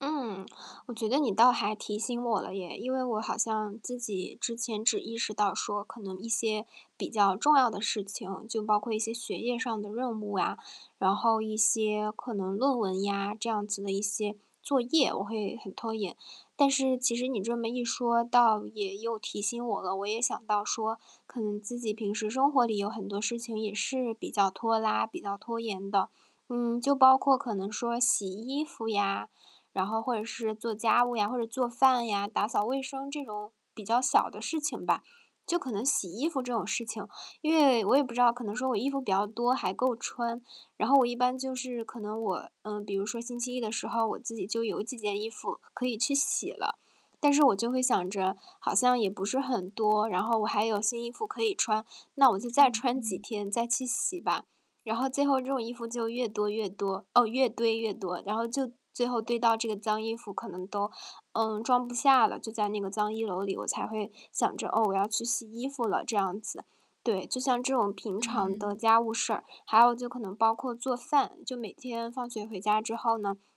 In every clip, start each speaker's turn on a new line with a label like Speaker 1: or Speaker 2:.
Speaker 1: 嗯，我觉得你倒还提醒我了耶，因为我好像自己之前只意识到说可能一些比较重要的事情，就包括一些学业上的任务啊，然后一些可能论文呀，这样子的一些作业，我会很拖延。但是其实你这么一说，倒也又提醒我了，我也想到说可能自己平时生活里有很多事情也是比较拖拉、比较拖延的。嗯，就包括可能说洗衣服呀，然后或者是做家务呀，或者做饭呀，打扫卫生这种比较小的事情吧。就可能洗衣服这种事情因为我也不知道可能说我衣服比较多，还够穿。然后我一般就是可能我嗯，比如说星期一的时候，我自己就有几件衣服可以去洗了。但是我就会想着，好像也不是很多，然后我还有新衣服可以穿，那我就再
Speaker 2: 嗯
Speaker 1: 穿几
Speaker 2: 嗯。
Speaker 1: 天再去洗吧。然后最后这种衣服就越多越多哦，越堆越多，然后就最后堆到这个脏衣服可能都，嗯，装不下了，就在那个脏衣娄里，我才会想着，哦，我要去洗衣服了这样子。对，就像这种平常的
Speaker 2: 嗯。
Speaker 1: 家务事儿，还有就可能包括做饭，就每天放学回家之后，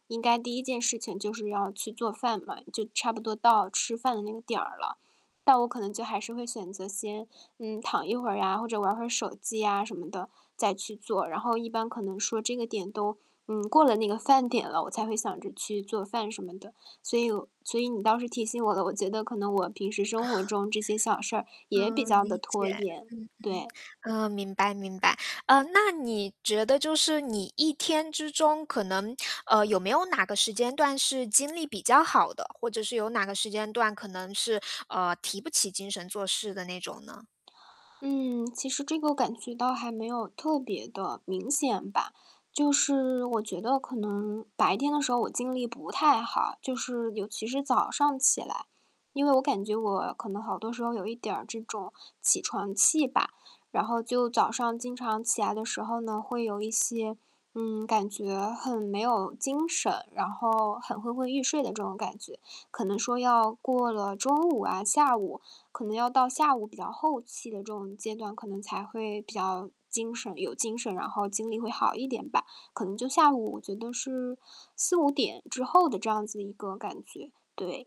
Speaker 1: 应该第1件事情就是要去做饭了，就差不多到吃饭的那个点儿了，但我可能就还是会选择先，嗯，躺一会儿呀，或者玩会儿手机呀，什么的再去做，然后一般可能说这个点都，嗯，过了那个饭点了，我才会想着去做饭什么的，所以我所以你倒是提醒我了，我觉得可能我平时生活 中这些小事儿也比
Speaker 2: 哦，
Speaker 1: 较地
Speaker 2: 理
Speaker 1: 拖
Speaker 2: 解，
Speaker 1: 延，对。
Speaker 2: 嗯嗯，哦，明白明白。嗯，那你觉得就是你一天之中可能呃，有没有哪个时间段是精力比较好的？或者是有哪个时间段可能是，呃，提不起精神做事的那种呢？
Speaker 1: 嗯，其实这个感觉到还没有特别地明显吧。就是我觉得可能白天的时候我精力不太好，就是尤其是早上起来，因为我感觉我可能好多时候有一点儿这种起床气吧，然后就早上经常起来的时候呢，会有一些嗯，感觉很没有精神，然后很昏昏欲睡的这种感觉，可能说要过了中午啊，下午可能要到下午比较后期的这种阶段，可能才会比较精神有精神，然后精力会好一点吧，可能就下午觉得是4-5点之后的这样子一个感觉，对。